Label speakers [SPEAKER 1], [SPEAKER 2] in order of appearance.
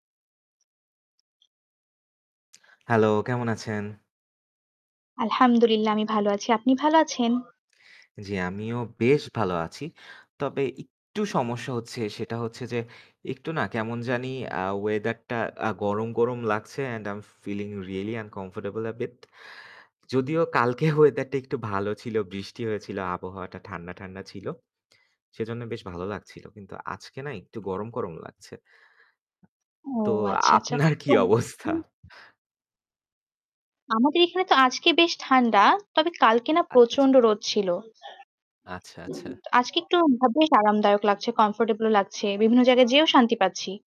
[SPEAKER 1] Hello, কেমন আছেন?
[SPEAKER 2] আলহামদুলিল্লাহ, আমি ভালো আছি। আপনি ভালো আছেন?
[SPEAKER 1] জি, আমিও বেশ ভালো আছি। তবে একটু সমস্যা হচ্ছে সেটা হচ্ছে যে, একটু না কেমন জানি আ weather টা আ গরম, গরম, লাগছে and I'm feeling really uncomfortable a bit যদিও কালকে weather টা একটু ভালো ছিল, বৃষ্টি হয়েছিল, আবহাওয়াটা ঠান্ডা, ঠান্ডা, ছিল। সেজন্য বেশ ভালো লাগছিল। কিন্তু আজকে না একটু গরম, গরম, লাগছে।
[SPEAKER 2] ও
[SPEAKER 1] তো
[SPEAKER 2] আচ্ছা, আচ্ছা।
[SPEAKER 1] আপনার কি
[SPEAKER 2] তো
[SPEAKER 1] অবস্থা?
[SPEAKER 2] আমাদের এখানে তো আজকে বেশ ঠান্ডা। তবে কালকে না
[SPEAKER 1] আচ্ছা, আচ্ছা।
[SPEAKER 2] প্রচণ্ড রোদ ছিল
[SPEAKER 1] আচ্ছা, আচ্ছা।
[SPEAKER 2] আজকে একটু বেশ আরামদায়ক লাগছে। Comfortable লাগছে। বিভিন্ন জায়গায় যেয়েও শান্তি পাচ্ছি।